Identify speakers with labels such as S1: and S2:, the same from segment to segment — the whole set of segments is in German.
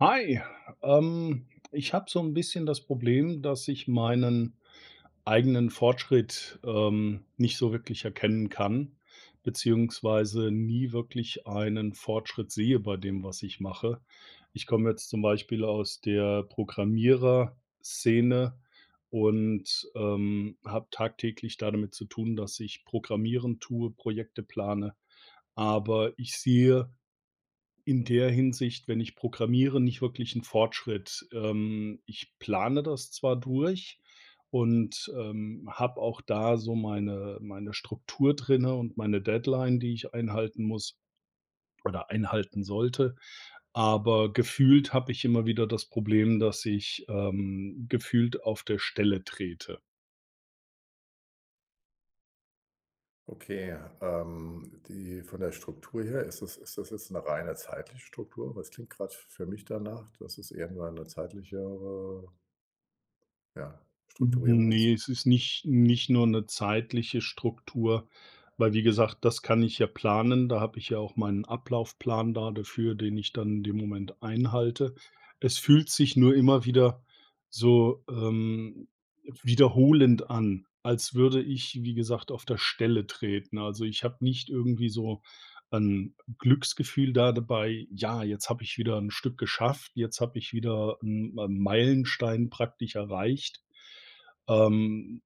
S1: Hi, ähm, ich habe so 'n bisschen das Problem, dass ich meinen eigenen Fortschritt, ähm, nicht so wirklich erkennen kann, beziehungsweise nie wirklich einen Fortschritt sehe bei dem, was ich mache. Ich komme jetzt zum Beispiel aus der Programmierer-Szene und, ähm, habe tagtäglich damit zu tun, dass ich programmieren tue, Projekte plane, aber ich sehe in der Hinsicht, wenn ich programmiere, nicht wirklich 'n Fortschritt. Ähm, ich plane das zwar durch und, ähm, habe auch da so meine meine Struktur drinnen und meine Deadline, die ich einhalten muss, oder einhalten sollte. Aber gefühlt habe ich immer wieder das Problem, dass ich, ähm, gefühlt auf der Stelle trete.
S2: Okay, ähm, die von der Struktur her ist das ist das jetzt 'ne reine zeitliche Struktur? Weil es klingt gerade f für mich danach, dass es eher nur eine zeitlichere ja,
S1: N
S2: Strukturierung
S1: Ne,
S2: ist?
S1: es ist nicht nicht nur 'ne zeitliche Struktur, weil wie gesagt, das kann ich ja planen, da habe ich ja auch meinen Ablaufplan da dafür, den ich dann in dem Moment einhalte. Es fühlt sich nur immer wieder so, ähm, wiederholend an, als würde ich, wie gesagt, auf der Stelle treten. Also, ich habe nicht irgendwie so 'n Glücksgefühl da dabei: „Ja, jetzt habe ich wieder 'n Stück geschafft. Jetzt habe ich wieder 'n Ma Meilenstein praktisch erreicht." Ähm,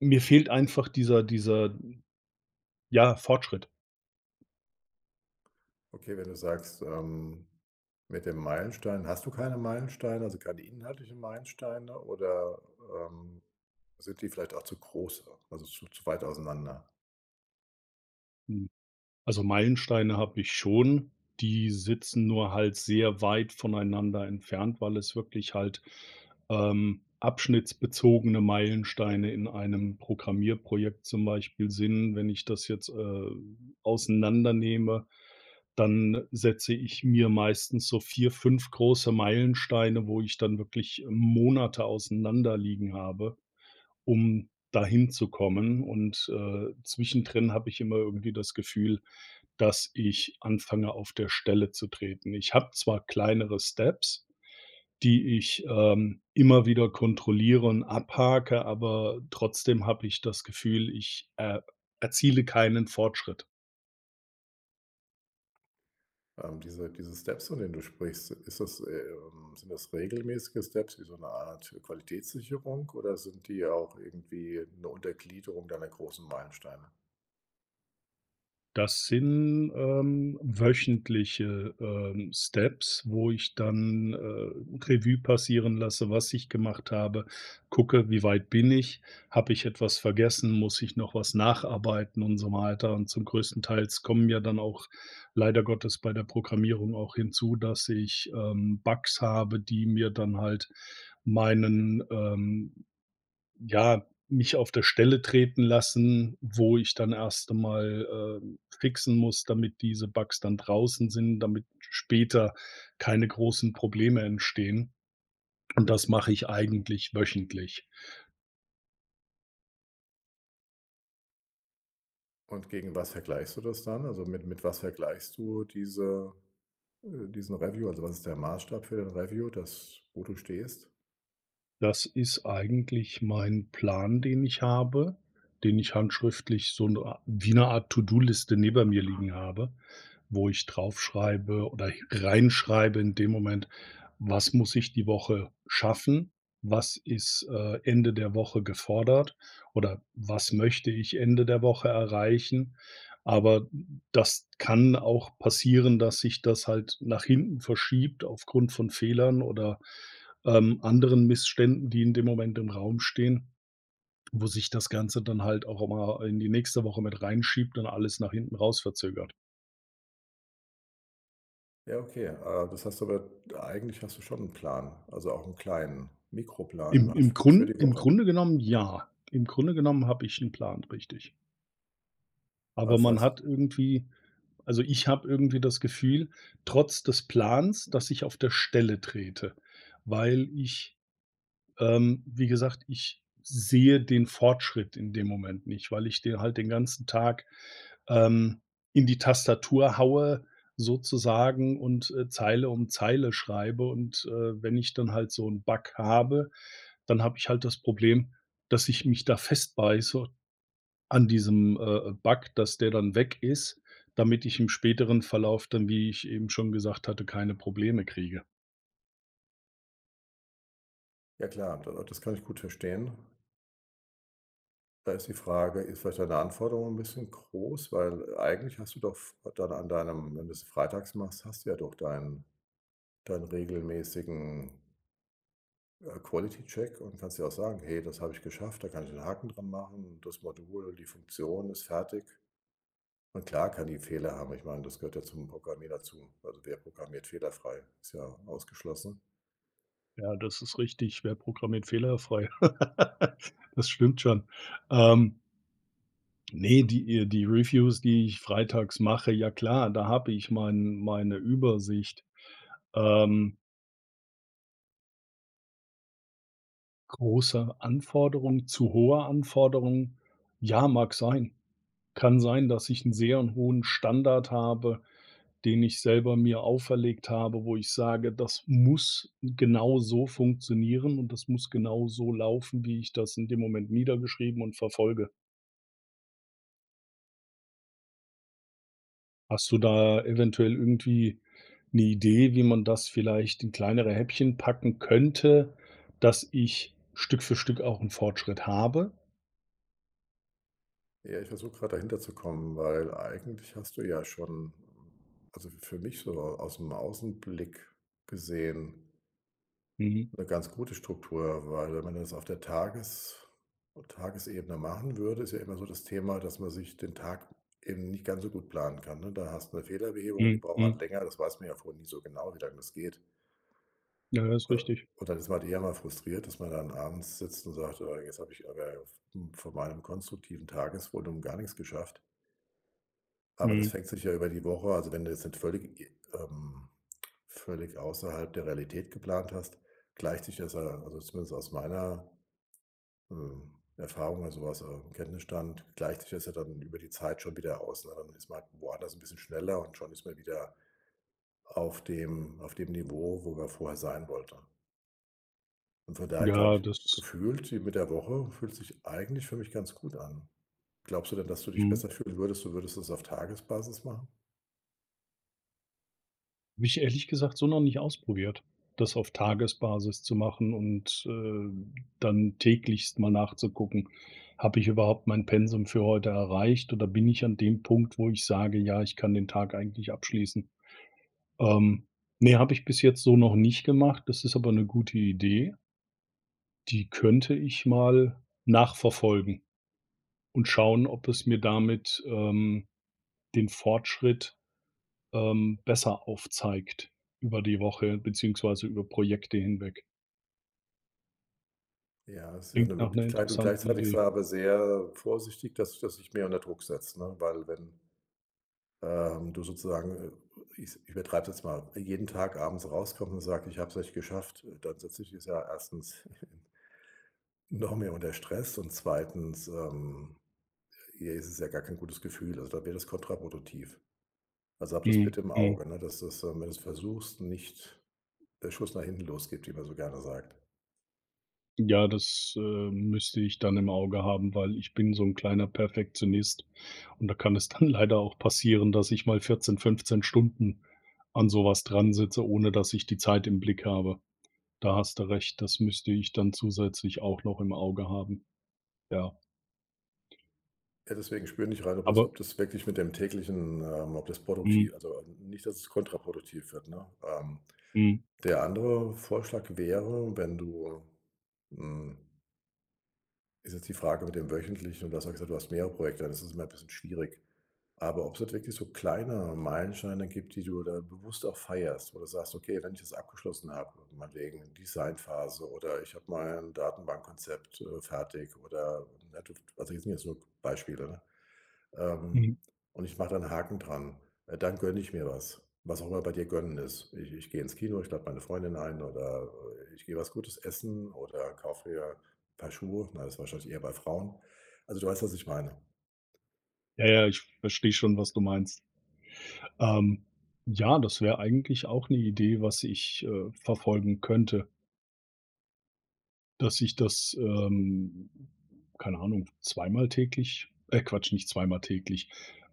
S1: mir fehlt einfach dieser dieser, ja, Fortschritt.
S2: Okay, wenn du sagst, ähm, mit dem Meilenstein, hast du keine Meilensteine? Also keine inhaltlichen Meilensteine? Oder, ähm, sind die vielleicht auch zu groß, also zu zu weit auseinander?
S1: Hm. Also Meilensteine habe ich schon. Die sitzen nur halt sehr weit voneinander entfernt, weil es wirklich halt, ähm, abschnittsbezogene Meilensteine in einem Programmierprojekt zum Beispiel sind. Wenn ich das jetzt, äh, auseinandernehme, dann setze ich mir meistens so 4, 5 große Meilensteine, wo ich dann wirklich Monate auseinander liegen habe, um dahin zu kommen und, äh, zwischendrin habe ich immer irgendwie das Gefühl, dass ich anfange auf der Stelle zu treten. Ich habe zwar kleinere Steps, die ich, ähm, immer wieder kontrolliere und abhake, aber trotzdem habe ich das Gefühl, ich, äh, erziele keinen Fortschritt.
S2: Ähm, diese diese Steps, von denen du sprichst, ist das, ähm sind das regelmäßige Steps wie so 'ne Art Qualitätssicherung? Oder sind die auch irgendwie 'ne Untergliederung deiner großen Meilensteine?
S1: Das sind, ähm, wöchentliche, ähm, Steps, wo ich dann, äh, Revue passieren lasse, was ich gemacht habe, gucke, wie weit bin ich, habe ich etwas vergessen, muss ich noch was nacharbeiten und so weiter und zum Größtenteils kommen ja dann auch leider Gottes bei der Programmierung auch hinzu, dass ich, ähm, Bugs habe, die mir dann halt meinen, ähm ja, mich auf der Stelle treten lassen, wo ich dann erst einmal, äh, fixen muss, damit diese Bugs dann draußen sind, damit später keine großen Probleme entstehen. Und das mache ich eigentlich wöchentlich.
S2: Und gegen was vergleichst du das dann? Also, mit mit was vergleichst du diese äh, diesen Review. Also, was ist der Maßstab für den Review? Das wo du stehst?
S1: Das ist eigentlich mein Plan, den ich habe, den ich handschriftlich so 'ne a wie 'ne Art To-Do-Liste neben mir liegen habe, wo ich drauf schreibe oder hi reinschreibe in dem Moment, was muss ich die Woche schaffen? Was ist, äh, Ende der Woche gefordert, oder was möchte ich Ende der Woche erreichen? Aber d d das kann auch passieren, dass sich das halt nach hinten verschiebt aufgrund von Fehlern oder, ähm, anderen Missständen, die in dem Moment im Raum stehen, wo sich das Ganze dann halt auch immer, äh, in die nächste Woche mit reinschiebt und alles nach hinten raus verzögert.
S2: Ja, okay. Ah, das heißt aber eigentlich hast du schon 'n Plan. Also auch 'n kleinen Mikroplan
S1: Im
S2: nur halt
S1: im
S2: f für
S1: Grun
S2: die
S1: im
S2: Woche.
S1: Grunde genommen ja. Im Grunde genommen habe ich 'n Plan, richtig.
S2: Ah,
S1: Aber
S2: das
S1: man
S2: heißt
S1: hat irgendwie also, ich habe irgendwie das Gefühl trotz des Plans, dass ich auf der Stelle trete, weil ich ähm, wie gesagt, ich sehe den Fortschritt in dem Moment nicht, weil ich de halt den ganzen Tag, ähm, in die Tastatur haue sozusagen und, äh, Zeile um Zeile schreibe und, äh, wenn ich dann halt so 'n Bug habe, dann habe ich halt das Problem, dass ich mich da festbeiße an diesem, äh äh, Bug, dass der dann weg ist, damit ich im späteren Verlauf dann, wie ich eben schon gesagt hatte, keine Probleme kriege.
S2: Ja, klar. Da das kann ich gut verstehen. Da ist die Frage: Ist vielleicht deine Anforderung 'n bisschen groß? Weil, äh, eigentlich hast du doch f dann an deinem wenn du's freitags machst, hast du ja doch deinen deinen regelmäßigen äh, Quality Check und kannst ja auch sagen: „Hey, das habe ich geschafft. Da kann ich 'nen Haken dran machen. Das Modul die Funktion ist fertig.“ Und klar kann die Fehler haben, ich meine, das gehört ja zum Programmieren dazu. Also, wer programmiert fehlerfrei? Ist ja ausgeschlossen.
S1: Ja, das ist richtig. Wer programmiert fehlerfrei? Das stimmt schon. Ähm Ne, die, äh, die Reviews, die ich freitags mache ja, klar, da habe ich mein meine Übersicht. Ähm Große Anforderung, zu hohe Anforderung? Ja, mag sein. Kann sein, dass ich 'n sehr 'n hohen Standard habe, den ich selber mir auferlegt habe, wo ich sage: „Das muss genau so funktionieren und das muss genau so laufen, wie ich das in dem Moment niedergeschrieben und verfolge.“ Hast du da eventuell irgendwie 'ne Idee, wie man das vielleicht in kleinere Häppchen packen könnte, dass ich Stück für Stück auch 'n Fortschritt habe?
S2: Ja, ich versuche gerade dahinterzukommen, weil eigentlich hast du ja schon, also, f für mich so aus dem Außenblick gesehen
S1: Mhm.
S2: 'ne ganz gute Struktur, weil wenn man das auf der Tages Tagesebene machen würde, ist ja immer so das Thema, dass man sich den Tag eben nicht ganz so gut planen kann, ne? Da hast 'ne Fehlerbehebung, die
S1: Mhm,
S2: braucht
S1: mhm
S2: halt länger. Das weiß man ja vorher nie so genau, wie lange das geht.
S1: Ja, das ist
S2: Äh,
S1: richtig.
S2: und dann ist man halt eher mal frustriert, dass man dann abends sitzt und sagt: „Ah, jetzt habe ich aber v m von meinem konstruktiven Tagesvolumen gar nix geschafft." Aber das
S1: Mhm.
S2: fängt sich ja über die Woche. Also, wenn du jetzt nicht völlig, i ähm, völlig außerhalb der Realität geplant hast, gleicht sich das ja also, zumindest aus meiner, hm, Erfahrung also, aus, äh, Kenntnisstand, gleicht sich das ja dann über die Zeit schon wieder aus, ne? Dann ist man woanders 'n bisschen schneller und schon ist man wieder auf dem auf dem Niveau, wo man vorher sein wollte. Und von daher, glaube
S1: Ja,
S2: ich
S1: das
S2: gefühlt sie mit der Woche fühlt sich eigentlich für mich ganz gut an. Glaubst du denn, dass du dich
S1: Mhm.
S2: besser fühlen würdest, du würdest es auf Tagesbasis machen?
S1: Habe ich ehrlich gesagt so noch nicht ausprobiert, das auf Tagesbasis zu machen und, äh, dann täglich mal nachzugucken: „Habe ich überhaupt mein Pensum für heute erreicht oder bin ich an dem Punkt, wo ich sage: ,Ja, ich kann den Tag eigentlich abschließen'?“ Ähm, ne, habe ich bis jetzt so noch nicht gemacht, das ist aber 'ne gute Idee. Die könnte ich mal nachverfolgen und schauen, ob es mir damit, ähm, den Fortschritt, ähm, besser aufzeigt über die Woche, beziehungsweise über Projekte hinweg.
S2: Ja, das wär 'ne
S1: Klingt nach 'ner
S2: Möglichkeit und
S1: interessanten
S2: gleichzeitig sei
S1: Idee.
S2: aber sehr vorsichtig, dass dich das nicht mehr unter Druck setzt, ne, weil, wenn, ähm, du sozusagen, äh i ich's übertreibe es jetzt mal jeden Tag abends rauskommst und sagst: „Ich habe es nicht geschafft“, äh, dann setzt es dich ja 1. noch mehr unter Stress. Und 2., ähm, hier ist es ja gar kein gutes Gefühl. Also da wär das kontraproduktiv. Also hab das
S1: Mhm,
S2: bitte im
S1: mhm.
S2: Auge, ne, dass das dann, wenn du's versuchst, nicht der Schuss nach hinten losgeht, wie man so gerne sagt.
S1: Ja, das, äh, müsste ich dann im Auge haben, weil ich bin so 'n kleiner Perfektionist und da kann es dann leider auch passieren, dass ich mal 14, 15 Stunden an sowas dran sitze, ohne dass ich die Zeit im Blick habe. Da hast du recht. Das müsste ich dann zusätzlich auch noch im Auge haben. Ja.
S2: Ja, deswegen spür in dich rein, ob das
S1: Aber
S2: ob das wirklich mit dem täglichen, ähm ob das
S1: Mhm.
S2: produkti also, äh, nicht, dass es kontraproduktiv wird, ne? Ähm,
S1: Mhm.
S2: der andere Vorschlag wäre, wenn du, hm ist jetzt die Frage mit dem Wöchentlichen. Und du hast mal gesagt, du hast mehrere Projekte. Dann ist es immer 'n bisschen schwierig. Aber ob's nicht wirklich so kleine Meilensteine gibt, die du da bewusst auch feierst, wo du sagst: „Okay, wenn ich das abgeschlossen habe, äh meinetwegen Designphase oder ich habe mal 'n Datenbankkonzept, äh, fertig.“ Oder, ne, du w also, jetzt nur so Beispiele, ne?
S1: Mhm.
S2: Ähm, und ich mache da 'n Haken dran, äh, dann gönne ich mir was. Was auch immer bei dir gönnen ist. Ich ich gehe ins Kino, ich lade meine Freundin ein, oder, äh, ich gehe was Gutes essen oder kaufe mir paar Schuhe. Na, das ist wahrscheinlich eher bei Frauen. Also, du weißt, was ich meine.
S1: Ja, ja, ich verstehe schon, was du meinst. Ähm, ja, das wäre eigentlich auch 'ne Idee, was ich, äh, verfolgen könnte. Dass ich das, ähm, keine Ahnung, zweimal täglich äh, Quatsch, nicht zweimal täglich,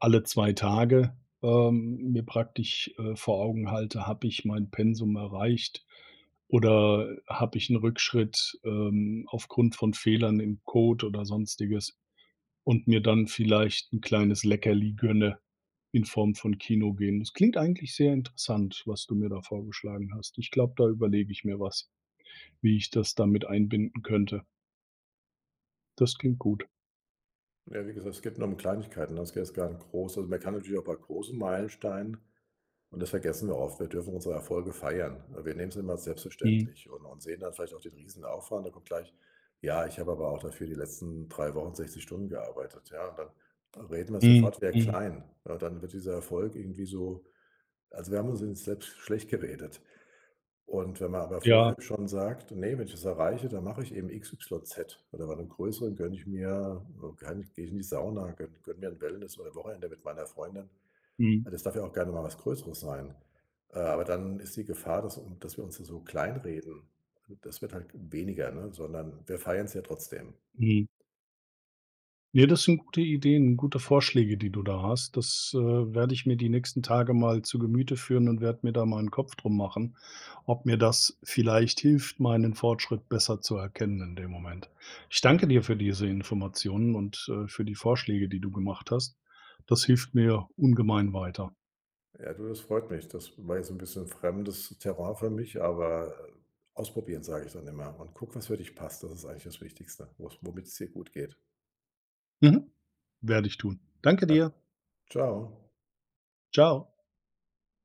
S1: alle zwei Tage, ähm, mir praktisch, äh, vor Augen halte: „Habe ich mein Pensum erreicht oder, habe ich 'n Rückschritt, ähm, aufgrund von Fehlern im Code oder sonstiges und mir dann vielleicht 'n kleines Leckerli gönne in Form von Kino gehen. Das klingt eigentlich sehr interessant, was du mir da vorgeschlagen hast. Ich glaube, da überlege ich mir was, wie ich das da mit einbinden könnte. Das klingt gut.
S2: Ja, wie gesagt, es geht nur um Kleinigkeiten. [unintelligible] große. Man kann natürlich auch bei großen Meilensteinen und das vergessen wir oft. Wir dürfen unsere Erfolge feiern. Wir nehmen es immer
S1: Mhm.
S2: selbstverständlich und und sehen dann vielleicht auch den riesen Aufwand. Da kommt gleich: „Ja, ich habe aber auch dafür die letzten 3 Wochen 60 Stunden gearbeitet.", ja? Und dann dann reden wir es
S1: Mhm,
S2: sofort wieder
S1: mhm.
S2: klein, ne? Dann wird dieser Erfolg irgendwie so also, wir haben ihn uns selbst schlecht geredet. Und wenn man aber vorher
S1: Ja.
S2: schon sagt: „Ne, wenn ich das erreiche, dann mache ich eben xyz oder bei einem größeren gönne ich mir, äh gerne gehe ich in die Sauna, gönn gönne mir 'n Wellness oder Wochenende mit meiner Freundin.“
S1: Mhm.
S2: Ja, das darf ja auch gerne mal was Größeres sein. Äh, aber dann ist die Gefahr, dass wir un dass wir uns dann so klein reden. Das wird halt weniger, ne? Sondern wir feiern es ja trotzdem.
S1: Mhm. Ja, das sind gute Ideen. Gute Vorschläge, die du da hast. Das, äh, werde ich mir die nächsten Tage mal zu Gemüte führen und werde mir da mal 'n Kopf drum machen, ob mir das vielleicht hilft, meinen Fortschritt besser zu erkennen in dem Moment. Ich danke dir für diese Informationen und, äh, für die Vorschläge, die du gemacht hast. Das hilft mir ungemein weiter.
S2: Ja, du, das freut mich. Das war jetzt 'n bisschen 'n fremdes Terrain für mich. Aber ausprobieren, sage ich dann immer. Und guck, was für dich passt. Das ist eigentlich das Wichtigste, was womit es dir gut geht.
S1: Mhm, werde ich tun. Danke
S2: Ja,
S1: dir.
S2: Tschau.
S1: Tschau.